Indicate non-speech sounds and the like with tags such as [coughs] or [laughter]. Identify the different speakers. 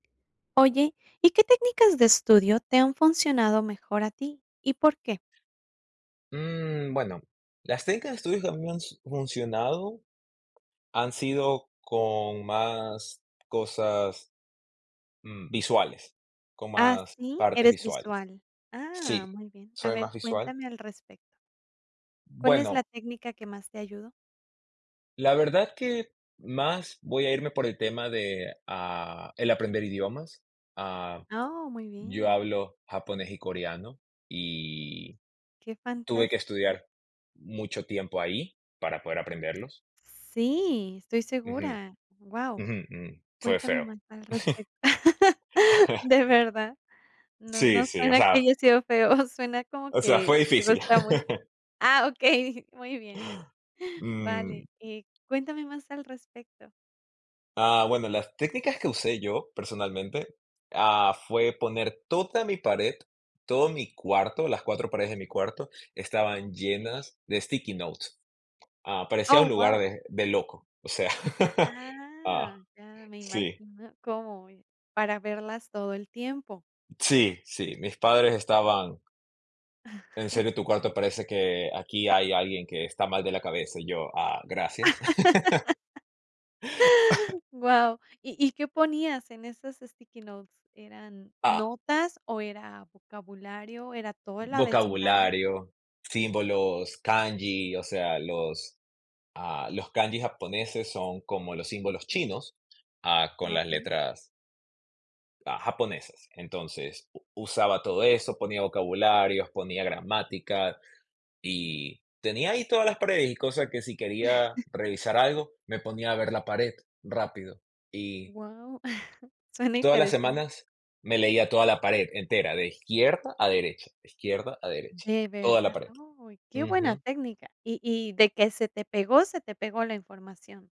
Speaker 1: Oye, ¿y qué técnicas de estudio te han funcionado mejor a ti y por qué?
Speaker 2: Mm, bueno, las técnicas de estudio que me han s funcionado, han sido con más cosas, mm, visuales, con
Speaker 1: Ah,
Speaker 2: más
Speaker 1: ¿sí?
Speaker 2: partes
Speaker 1: Eres
Speaker 2: visuales.
Speaker 1: visual. Ah,
Speaker 2: Sí,
Speaker 1: muy bien. A
Speaker 2: soy
Speaker 1: ver,
Speaker 2: más visual.
Speaker 1: cuéntame al respecto. ¿Cuál es la
Speaker 2: Bueno
Speaker 1: técnica que más te ayudo?
Speaker 2: la verdad que, más voy a irme por el tema de, ah, el aprender idiomas, ah,
Speaker 1: Oh, muy
Speaker 2: yo
Speaker 1: bien.
Speaker 2: hablo japonés y coreano, y
Speaker 1: Qué
Speaker 2: tuve que
Speaker 1: fantástico.
Speaker 2: estudiar mucho tiempo ahí para poder aprenderlos.
Speaker 1: Sí, estoy
Speaker 2: Ujú,
Speaker 1: segura. Guau,
Speaker 2: ujú, ujú. Fue
Speaker 1: cuéntame
Speaker 2: feo.
Speaker 1: más al
Speaker 2: [chuckles]
Speaker 1: respecto. [chuckles]
Speaker 2: [chuckles]
Speaker 1: ¿De verdad? No
Speaker 2: Sí,
Speaker 1: no
Speaker 2: sí, o
Speaker 1: suena que
Speaker 2: sea
Speaker 1: haya sido feo, [chuckles] suena como
Speaker 2: o sea,
Speaker 1: que
Speaker 2: fue
Speaker 1: te
Speaker 2: difícil.
Speaker 1: gusta mucho
Speaker 2: [chuckles]
Speaker 1: ah, okey, muy bien.
Speaker 2: Mm.
Speaker 1: Vale, eh, cuéntame más al respecto.
Speaker 2: Ah, bueno, las técnicas que usé yo personalmente ah, fue poner toda mi pared, todo mi cuarto, las 4 paredes de mi cuarto estaban
Speaker 1: Okey.
Speaker 2: llenas de sticky notes, ah, parecía un
Speaker 1: Oh,
Speaker 2: lugar
Speaker 1: guau.
Speaker 2: de de loco, o sea, [chuckles]
Speaker 1: Ah,
Speaker 2: ah,
Speaker 1: ya me
Speaker 2: sí.
Speaker 1: imagino cómo voy, para verlas todo el tiempo.
Speaker 2: Sí, sí, mis padres estaban "En serio,
Speaker 1: [chuckles]
Speaker 2: tu cuarto parece que aquí hay alguien que está mal de la cabeza", y yo: "Ah, gracias". [chuckles]
Speaker 1: [laughs]
Speaker 2: [coughs]
Speaker 1: Guau. ¿Y y qué ponías en esas sticky notes? ¿Eran
Speaker 2: Ah.
Speaker 1: notas o era vocabulario, era todo el abecedario?
Speaker 2: Vocabulario, símbolos, kanji, o sea, los ah, los kanjis japoneses son como los símbolos
Speaker 1: Ujú.
Speaker 2: chinos, ah, con las
Speaker 1: Okey.
Speaker 2: letras ah, japonesas. Entonces u usaba todo eso, ponía vocabularios, ponía gramática y tenía ahí todas las paredes, y cosa que si quería
Speaker 1: [chuckles]
Speaker 2: revisar algo, me ponía a ver la pared rápido, y
Speaker 1: Guau, [chuckles] suena
Speaker 2: todas las
Speaker 1: interesante.
Speaker 2: semanas me leía toda la pared entera, de izquierda a derecha, de izquierda a derecha,
Speaker 1: De
Speaker 2: toda la
Speaker 1: verdad,
Speaker 2: pared.
Speaker 1: uy qué buena
Speaker 2: Ujú.
Speaker 1: técnica, y y de que se te pegó, se te pegó la información.